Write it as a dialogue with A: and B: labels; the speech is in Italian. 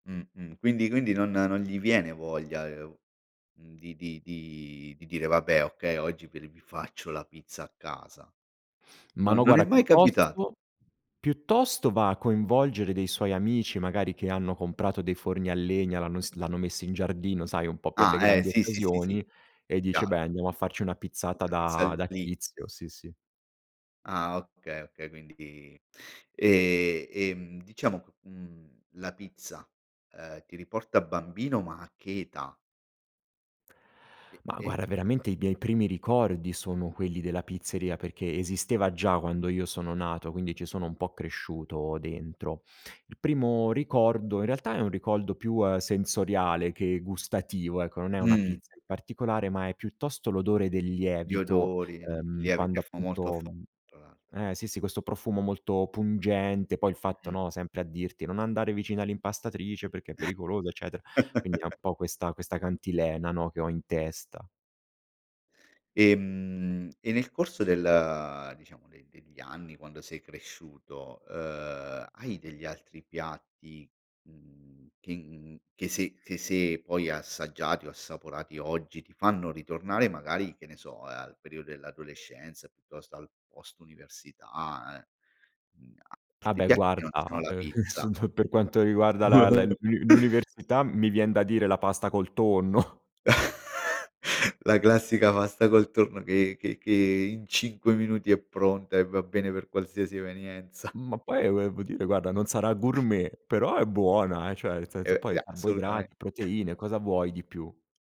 A: Mh-mh. Quindi quindi non non gli viene voglia, uhm, di di di dire: "Vabbè, okay, oggi v r vi faccio la pizza a casa".
B: Ma
A: No
B: no
A: non è
B: guarda
A: mai capitato?
B: piuttosto, piuttosto va a coinvolgere dei suoi amici magari che hanno comprato dei forni a legna, l'hanno ins l'hanno messi in giardino, sai, un po' per
A: Ah.
B: le
A: Eh.
B: grandi
A: Sì, sì, sì, sì.
B: occasioni, e dice:
A: Chiaro.
B: "Beh, andiamo a farci una pizzata
A: Una pizza
B: da da
A: lì.
B: tizio", sì, sì.
A: Ah, okay, okay. Quindi, ehm, ehm, diciamo, q uhm, la pizza, ehm, ti riporta bambino, ma a che età? E
B: Ma
A: e
B: guarda, veramente, i miei primi ricordi sono quelli della pizzeria perché esisteva già quando io sono nato, quindi ci sono un po' cresciuto dentro. Il primo ricordo, in realtà, è un ricordo più sensoriale che gustativo, ecco. Non è una
A: Mhmm.
B: pizza in particolare, ma è piuttosto l'odore del
A: Gli
B: lievito,
A: odori, gl
B: ehm,
A: gli
B: quando,
A: [unintelligible] molto f
B: appunto
A: [unintelligible] tra l'altro.
B: eh, sì, sì, questo profumo molto pungente. Poi il fatto,
A: Mh-mh.
B: no, sempre a dirti: “Non andare vicino all'impastatrice perché è pericoloso”, eccetera, quindi è un po' questa questa cantilena, no, che ho in testa.
A: Ehm, e nel corso del, diciamo, de degli anni, quando sei cresciuto, uhm, hai degli altri piatti, mhmm, che in che se che se poi assaggiati o assaporati oggi ti fanno ritornare, magari, che ne so, al periodo dell'adolescenza, piuttosto al post-università, uhm, uhm,
B: Ah,
A: altri
B: beh,
A: piatti che non
B: guarda,
A: siano la
B: ehm
A: pizza?
B: per quanto riguarda la, la l'un l'uni l'università, mi vien da dire la pasta col tonno.
A: La classica pasta col tonno che che che in 5 minuti è pronta e va bene per qualsiasi evenienza.
B: Ma poi volevo dire guarda, non sarà gourmet, però è buona, eh, cioè nel senso,
A: E,
B: poi
A: a assolutamente.
B: carboidrati, proteine, cosa vuoi di più?